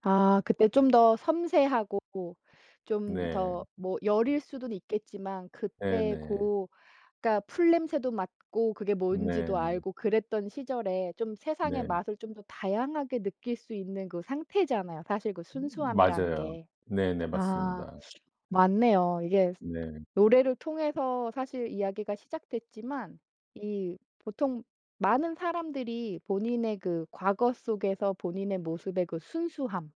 아 그때 좀 더 섬세하고 좀 네. 더 뭐 여릴 수는 있겠지만 그때 네네. 고 그러니까 풀 냄새도 맡고 그게 뭔지도 네. 알고 그랬던 시절에 좀 세상의 네. 맛을 좀 더 다양하게 느낄 수 있는 그 상태잖아요 사실 그 음 순수함이라는 맞아요. 게. 네네 아 맞습니다. 맞네요. 이게 네. 노래를 통해서 사실 이야기가 시작됐지만 이 보통 많은 사람들이 '본인의 그 과거 속에서 본인의 모습의 그 순수함.'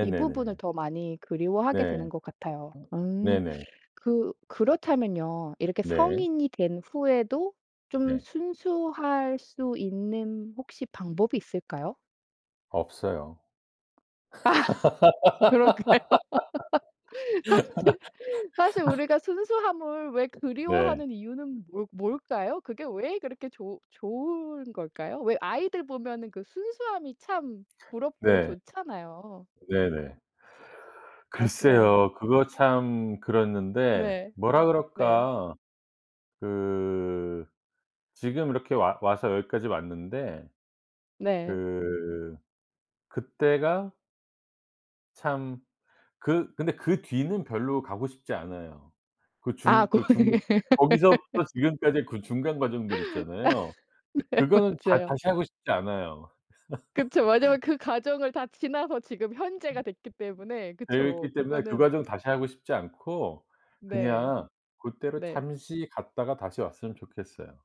이 부분을 더 많이 그리워하게 네. 되는 것 같아요. 어 음. 네네. 그 그렇다면요. 이렇게 네. 성인이 된 후에도 좀 네. 순수할 수 있는 혹시 방법이 있을까요? 없어요. 아 그럴까요? 사실 사실 우리가 순수함을 왜 네. 그리워하는 이유는 뭐 뭘까요? 그게 왜 그렇게 좋 좋은 걸까요? 왜 아이들 보면은 그 순수함이 참 부럽고 네. 좋잖아요. 네네. 약간 글쎄요. 그거 참 그랬는데 네. 뭐라 네. 그럴까. 그 지금 이렇게 와 와서 여기까지 왔는데 네. 그 그때가 참 그 근데 그 뒤는 별로 가고 싶지 않아요. 그 아 중 고 그 중에 예 거기서부터 지금까지 그 중간 아 과정들 있잖아요. 네 그거는 자 맞아요. 다시 하고 싶지 않아요. 그쵸. 왜냐면 그 과정을 다 지나서 지금 현재가 됐기 때문에. 그쵸. 되어있기 때문에 그 그거는 과정 다시 하고 싶지 않고 네. 그냥 고때로 네. 잠시 갔다가 다시 왔으면 좋겠어요.